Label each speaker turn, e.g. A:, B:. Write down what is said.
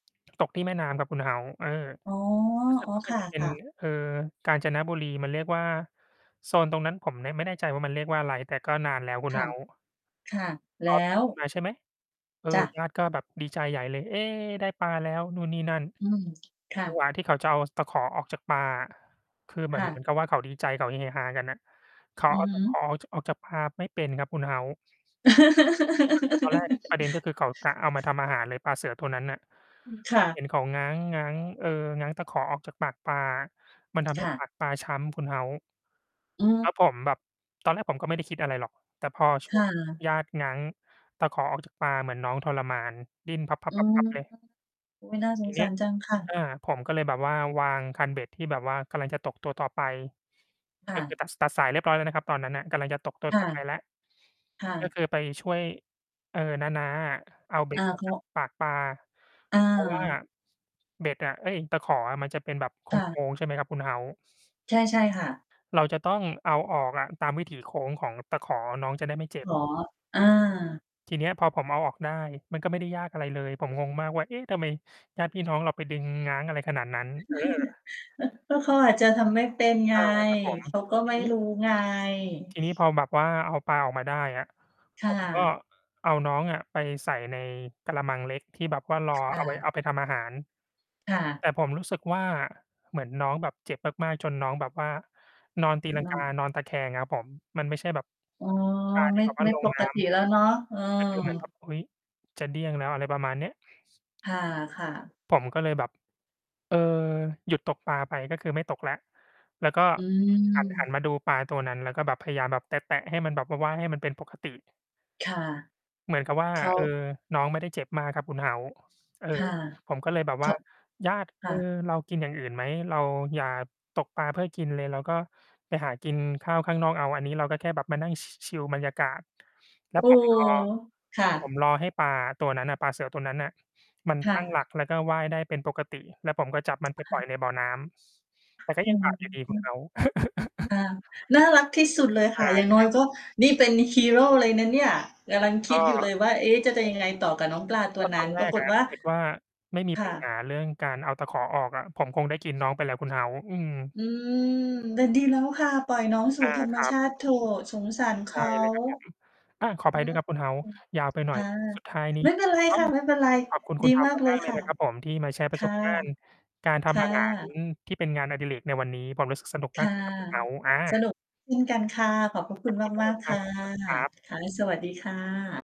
A: ตกที่แม่น้ำครับคุณ House เออ
B: อ๋อ
A: รู้สึกว่าม
B: ๆ
A: ั
B: ค
A: นจะ เป็น
B: ่ะ ๆ
A: เอ่อ กาญจนบุรี มันเรียกว่า โซนตรงนั้นผมน่ะไม่แน่ใจว่ามันเรียกว่าอะไร แต่ก็นานแล้วคุ
B: ค
A: ณ
B: ่ะ
A: House
B: ค่ะ
A: พ
B: แล
A: อ
B: ้
A: ผม
B: ว?
A: ขึ้น มาใช่ไหม เออ
B: จ้ะ
A: ญาติก็แบบดีใจใหญ่เลย เฮ! ได้ปลาแล้ว นู่นนี่นั่น
B: อืม ค่
A: จัง
B: ะ
A: หวะที่เขาจะเอาตะขอออกจากปลาอะ คือเหม
B: ค
A: ือ
B: ่
A: น เหมือ
B: ะ
A: นกับว่าเขาดีใจ เขาเฮฮากันน่ะ เขา
B: อื
A: เอ
B: อ
A: า
B: ฮ
A: ตะข
B: ึ
A: อ จะออก ออกจากปลาไม่เป็นครับคุณ House ก็คือ ตอนแรก ประเด็นก็คือเขากะเอามาทำอาหารเลย ปลาเสือตัวนั้นน่ะ
B: อือ ค่
A: ผม
B: ะ
A: เห็นเขาง้าง ง้าง เอ่อ ง้างตะขอออกจากปากปลา มันทำใ
B: ค
A: ห้
B: ่
A: ป
B: ะ
A: ากปลาช้ำคุณ House
B: อื
A: แล้
B: ม
A: วผมแบบ ตอนแรกผมก็ไม่ได้คิดอะไรหรอก แต่พอ ช
B: ค
A: ่ว
B: ่
A: ง
B: ะ
A: ญาติง้างตะขอออกจากปลา เหมือนน้องทรมาน ดิ้นพั
B: อื
A: บ
B: ม
A: ๆ ๆ ๆ เลย
B: โอ๊ย น่าส
A: ที
B: ง
A: เน
B: ส
A: ี้
B: า
A: ย
B: รจังค่
A: อ
B: ะ
A: า ผมก็เลยแบบว่า วางคันเบ็ดที่แบบว่ากำลังจะตกตัวต่อไป
B: ค่
A: ก็ค
B: ะ
A: ือตัด ตัดสายเรียบร้อยแล้วนะครับตอนนั้นน่ะ กำลังจะตกตัว
B: ค่
A: ต
B: ะ
A: ่อ ไปแล้ว
B: ค่
A: ก็
B: ะ
A: คือไปช่วย เอ่อ น้า ๆ อะ เอาเบ็
B: อา
A: ด ออ
B: เ
A: ก
B: พร
A: จ
B: า
A: าก
B: ะ?
A: ปากปลา
B: อ
A: เพราะว่า
B: า
A: เบ็ดอะ เอ๊ย ตะขออะมันจะเป็นแบบโค
B: ค่ะ
A: ้ง ๆ ใช่ไหมครับคุณ House
B: ใช่ ใช่ค่ะ
A: เราจะต้องเอาออกอะ ตามวิถีโค้งของตะขอ น้องจะได้ไม่เจ็บ
B: อ๋อ อา
A: ที่เนี้ยพอผมเอาออกได้ มันก็ไม่ได้ยากอะไรเลย ผมงงมากว่า เอ๊ ทำไมญาติพี่น้องเราไปดึงง้างอะไรขนาดนั้น เออ
B: ก็เขาอาจจะทำไม่เป็นไง
A: อา ครับผม
B: เขาก็
A: ที
B: ไม่
A: นี้
B: รู้ไง
A: ทีนี้พอแบบว่าเอาปลาออกมาได้อะ
B: ค
A: ผ
B: ่
A: ม ก็
B: ะ
A: เอาน้องอะ ไปใส่ในกะละมังเล็กที่แบบว่า รอ
B: ค
A: เ
B: ่
A: อา ไว้
B: ะ
A: เอาไปทำอาหาร
B: ค่ะ
A: แต่ผมรู้สึกว่า เหมือนน้องแบบเจ็บมาก ๆ จนน้องแบบว่า นอนตีลั
B: เ
A: ง
B: นา
A: ก
B: ะ
A: า นอนตะแคงครับผม มันไม่ใช่แบบ
B: อ๋อ
A: ปลาท
B: ไม
A: ี่
B: ่
A: แบบว่
B: ไ
A: า
B: ม่
A: ล
B: ป
A: งน
B: ก
A: ้
B: ติแล้วเนาะ เออ
A: ำ ก็คือเหมือนแบบ อุ๊ย จะเดี้ยงแล้ว อะไรประมาณเนี้ย
B: ค่ะ ๆ
A: ผมก็เลยแบบ เออ หยุดตกปลาไปก็คือไม่ตกแล้ว แล้วก็
B: อื
A: หัน หัน
B: ม
A: มาดูปลาตัวนั้น แล้วก็แบบพยายามแบบแตะ ๆ ให้มันแบบว่า ว่ายให้มันเป็นปกติ
B: ค่ะ
A: เหมือนกับว่า
B: เขา
A: เออ น้องไม่ได้เจ็บมากครับคุณ House เออ
B: ค่ะ
A: ผมก็เลยแบบ
B: ก
A: ว่
B: ็
A: า "ญาติ
B: ค
A: เอ
B: ่
A: ่อ
B: ะ
A: เรากินอย่างอื่นไหม เราอย่าตกปลาเพื่อกินเลย เราก็ไปหากินข้าวข้างนอกเอา อันนี้เราก็แค่แบบมานั่งชิ ชิวบรรยากาศ" แล้ว
B: โอ้
A: ผม
B: โฮ!
A: รอ
B: ค่
A: ผ
B: ะ
A: มรอให้ปลาตัวนั้นอะ ปลาเสือตัวนั้นน่ะ มัน
B: ค่
A: ตั้งหลั
B: ะ
A: ก แล้วก็ว่ายได้เป็นปกติ แล้วผมก็จับมันไป
B: ค
A: ป
B: ่
A: ล่อยใ
B: ะ
A: นบ่อน้ำ แต่ก็
B: อ๋อ
A: ยังบาปอยู่ดีคุณ House
B: อา น่ารักที่สุดเลยค
A: อ
B: ่ะ
A: า
B: อย่างน
A: ค
B: ้อ
A: ร
B: ย
A: ับ
B: ก็ นี่เป็นฮีโรเลยนะเนี่ย กำลังค
A: ก
B: ิ
A: ็
B: ดอยู่เลยว่า เอ๊ จะ จะยังไงต่อกับน้องปลาต
A: โอ้โฮ ก
B: ั
A: ็
B: ว
A: ต
B: น
A: อ
B: ั้
A: น
B: น
A: แร
B: ปรา
A: ก
B: ก
A: อ
B: ฏ
A: ะ
B: ว่
A: ถ
B: า
A: ้าเกิด ว่าไม่มี
B: ค
A: ปั
B: ่
A: ญหา
B: ะ
A: เรื่องการเอาตะขอออกอะ ผมคงได้กินน้องไปแล้วคุณ House อืม
B: อืม แต่ดีแล้วค่ะ ปล่อยน้องสู
A: อ
B: ่
A: า
B: ธรรม
A: ครั
B: ช
A: บ
B: าติเถอะ สงสารเข
A: ใช่
B: า
A: เลยครับผม อา ขออ
B: อื
A: ภัยด้ว
B: อ
A: ยครับคุณ House ยาวไปหน
B: ค
A: ่อย
B: ่ะ
A: สุดท้ายนี้
B: ไม่เป็นไร
A: ต้
B: ค
A: อง
B: ่ะ ไม่เป็นไร
A: ขอบคุณ
B: ด
A: คุ
B: ี
A: ณ
B: ม
A: House
B: ากเล
A: ม
B: ย
A: าก ๆ เล
B: ค
A: ย
B: ่ะ
A: นะครับผม ที่มาแชร์ป
B: ค
A: ระส
B: ่ะ
A: บการณ์การท
B: ค
A: ำ
B: ่
A: อาหาร
B: ะ
A: ที่เป็นงานอดิเรกในวันนี้ ผมรู้สึกสนุก
B: ค
A: มาก
B: ่ะ
A: เลยครับคุณ House อ
B: ส
A: า
B: นุก เช่น กันค่ะ ขอบพระค
A: ข
B: ุ
A: อ
B: ณ
A: บพระคุณมาก
B: ม
A: เ
B: า
A: ล
B: ก
A: ย
B: ๆ
A: ค
B: ค
A: รั
B: ่ะ
A: บ สวัสดี ครับ
B: ค่ะ แล้วสวัสดีค่ะ